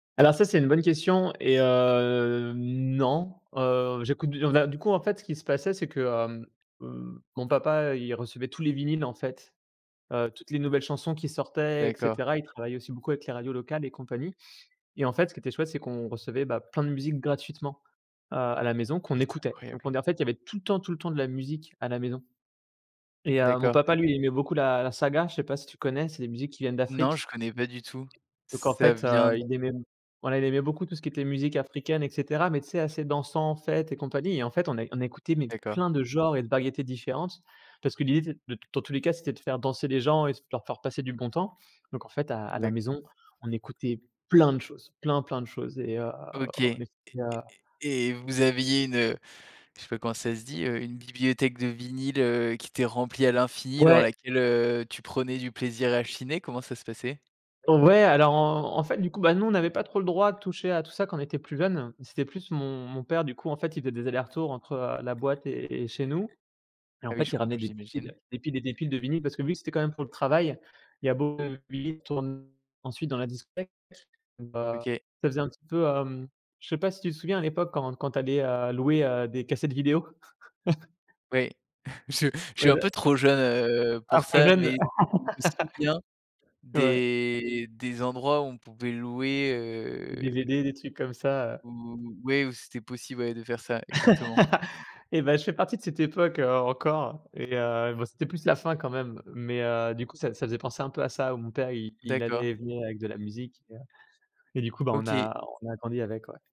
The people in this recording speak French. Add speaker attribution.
Speaker 1: Alors ça, c'est une bonne question et hem, non. Heu, j'écoute du enfin du coup, en fait, ce qui se passait c'est que, hem, heu, mon papa, il recevait tous les vinyles en fait, heu, toutes les nouvelles chansons qui sortaient et
Speaker 2: D'accord.
Speaker 1: cetera. Il travaillait aussi beaucoup avec les radios locales et compagnie et en fait, ce qui était chouette c'est qu'on recevait, bah, plein de musiques gratuitement à à la maison, qu'on
Speaker 2: Mais, c'est
Speaker 1: écoutait. Donc
Speaker 2: incroyable!
Speaker 1: on é en fait, il y avait tout le temps, tout le temps de la musique à la maison et heu, mon
Speaker 2: D'accord.
Speaker 1: papa, lui, il aimait beaucoup la la saga, je sais pas si tu connais, c'est des musiques qui viennent
Speaker 2: Non, je
Speaker 1: d'Afrique.
Speaker 2: connais pas du tout.
Speaker 1: Donc en
Speaker 2: Ca
Speaker 1: fait,
Speaker 2: vient
Speaker 1: heu,
Speaker 2: d
Speaker 1: il aimait voilà, il aimait beaucoup tout ce qui était musique africaine et cetera. Mais, tu sais, assez dansant, fête et compagnie et en fait, on é on écoutait mais
Speaker 2: D'accord.
Speaker 1: plein de genres et de variétés différentes. Parce que l'idée c'est de dans tous les cas, c'était de faire danser les gens et f de leur faire passer du bon temps. Donc en fait, à à la
Speaker 2: D'a
Speaker 1: maison, on écoutait plein de choses, plein, plein de choses et heu,
Speaker 2: OK!
Speaker 1: on
Speaker 2: Et
Speaker 1: écoutait, heu
Speaker 2: et et et vous aviez une, heu, je sais pas comment ça se dit, heu, une bibliothèque de vinyles, heu, qui était remplie à l'infini dans
Speaker 1: Ouais.
Speaker 2: laquelle, heu, tu prenais du plaisir à chiner? Comment ça se passait?
Speaker 1: Ouais, alors en en fait, du coup, bah, nous, on n'avait pas trop le droit de toucher à tout ça quand on était plus jeune. C'était plus mon mon père, du coup, en fait, il faisait des allers-retours entre, heu, la boîte et et chez nous. Et en
Speaker 2: Ah oui,
Speaker 1: fait,
Speaker 2: je
Speaker 1: il
Speaker 2: compr
Speaker 1: ramenait des piles,
Speaker 2: j'imagine.
Speaker 1: des piles et des piles de vinyles parce que vu que c'était quand même pour le travail, il y a beaucoup de vinyles qui tourne ensuite dans la discothèque. Donc bah,
Speaker 2: OK.
Speaker 1: ça faisait un petit peu, hem, je sais pas si tu te souviens à l'époque, quand quand tu allais, heu, louer, heu, des cassettes vidéo?
Speaker 2: Ouais, je je suis
Speaker 1: Ouais,
Speaker 2: un
Speaker 1: là
Speaker 2: peu trop jeune, heu,
Speaker 1: c'est un
Speaker 2: pour
Speaker 1: peu
Speaker 2: ça,
Speaker 1: jeune?
Speaker 2: mais je me souviens
Speaker 1: Ouais.
Speaker 2: des des endroits où on pouvait louer,
Speaker 1: Des DVD,
Speaker 2: heu
Speaker 1: des trucs comme ça, heu
Speaker 2: où, ouais, où c'était possible, ouais, de faire ça. Exactement.
Speaker 1: Et bah, je fais partie de cette époque, heu, encore, et heu, enfin, c'était plus la fin quand même, mais, heu, du coup, ça ça faisait penser un peu à ça où mon père i il allait
Speaker 2: D'accord.
Speaker 1: et venait avec de la musique et heu et du coup, bah, on
Speaker 2: OK.
Speaker 1: a on a grandi avec, ouais.